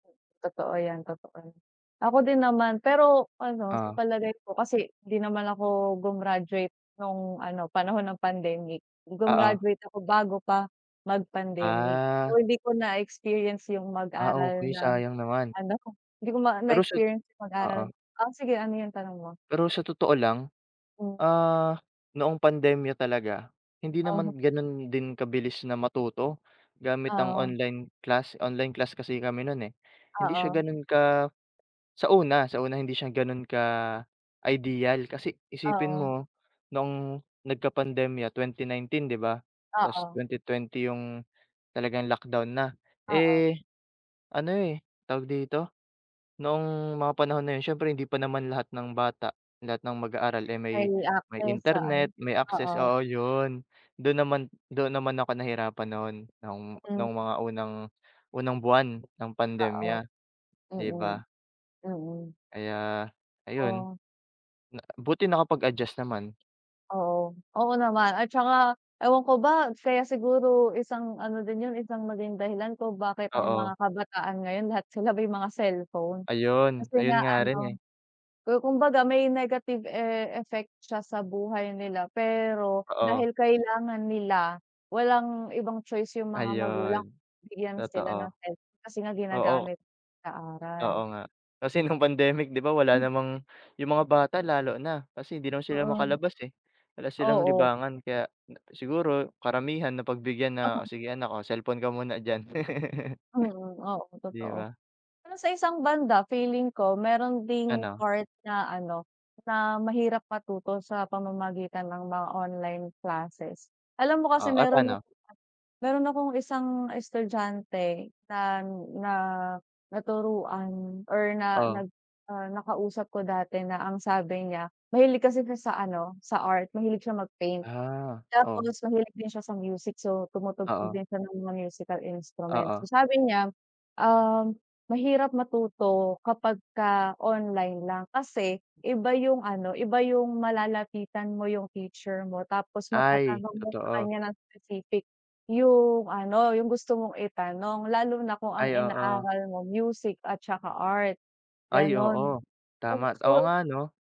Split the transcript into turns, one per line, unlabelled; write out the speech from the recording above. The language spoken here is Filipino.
Totoo yan, totoo yan. Ako din naman, pero ano, sa
Oh.
palagay ko kasi, 'di naman ako gumraduate no'ng ano, panahon ng pandemic,
Oo.
gumraduate ako bago pa, mag-pandemic.
Ah.
So, hindi ko na-experience yung
Ah, ok,
mag-aral ng
sayang naman.
ano ko? Hindi ko ma
Pero sa
na-experience yung mag-aral
oo.
ah, sige ano yung tanong mo?
Pero sa totoo lang,
Hmm.
ah, noong pandemya talaga, hindi
Uh-huh.
naman gano'n din kabilis na matuto gamit ang
Oo.
online class. Online class kasi kami no'n eh. Hindi siya
Oo.
ganon ka sa una, sa una hindi siya gano'n ka-ideal kasi isipin
Oo.
mo, noong nagkapandemya 2019, 'di ba? Tas,
Oo.
2020 yung talagang lockdown na,
Oo.
eh, ano eh, tawag dito, noong mga panahon na 'yon, siyempre, hindi pa naman lahat ng bata, lahat ng mag-aaral, eh, may
May
may
access sa ano.
internet, may access,
Oo.
oo, 'yon, do'n naman do'n naman ako nahirapan no'n, noong,
Mm.
no'ng mga unang unang buwan ng
Oo.
pandemya, 'di
Mm.
ba?
Mm.
Kaya, ayun.
Oh.
Na buti nakapag-adjust naman.
Oo. Oo naman, at tsaka ewan ko ba, kaya siguro isang ano din 'yon, isang naging dahilan kung bakit ang mga
Oo.
kabataan ngayon, lahat sila may mga cellphone.
Ayun.
Kasi
Ayun
nga
nga rin
ano,
eh.
ku kumbaga may negative e effect siya sa buhay nila. Pero,
Oo.
dahil kailangan nila, walang ibang choice yung mga magulang,
Ayun,
bigyan sila ng
totoo.
cell kasi nga
Oo.
ginagamit, sa
Oo
aral.
nga, kasi nung pandemic, 'di ba, wala
Hmm.
namang yung mga bata, lalo na, kasi 'di naman sila
Oo.
makalabas eh. Wala silang
Oo.
libangan, kaya na siguro, karamihan napagbigyan na,
Oo.
"O sige anak, oh, cellphone ka muna diyan."
Mm, oo
'Di
totoo.
ba?
Pero sa isang banda, feeling ko meron ding
Ano?
part na ano, na mahirap matuto sa pamamagitan ng mga online classes. Alam mo kasi,
Oo, oh,
meron na
pa'no?
meron akong isang estudyante na na naturuan or na,
Oh.
nag, ah, nakausap ko dati na ang sabi niya, mahilig kasi siya sa ano, sa art, mahilig siya mag-paint.
Ah, oh.
Tapos mahilig din siya sa music, so, tumutugtog
Oo.
din siya ng mga musical instruments.
Oo.
So, sabi niya, ah, mahirap matuto kapagka online lang. Kasi iba yung ano, iba yung malalapitan mo yung teacher mo, tapos
Ay,
matatanong mo sa
totoo.
kanya ng specific, yung ano, yung gusto mong itanong, lalo na kung ang
Ay, oo.
inaaral mo music at tsaka art,
Ay,
gano'n.
oo, tama. Oo,
Unsure
nga 'no?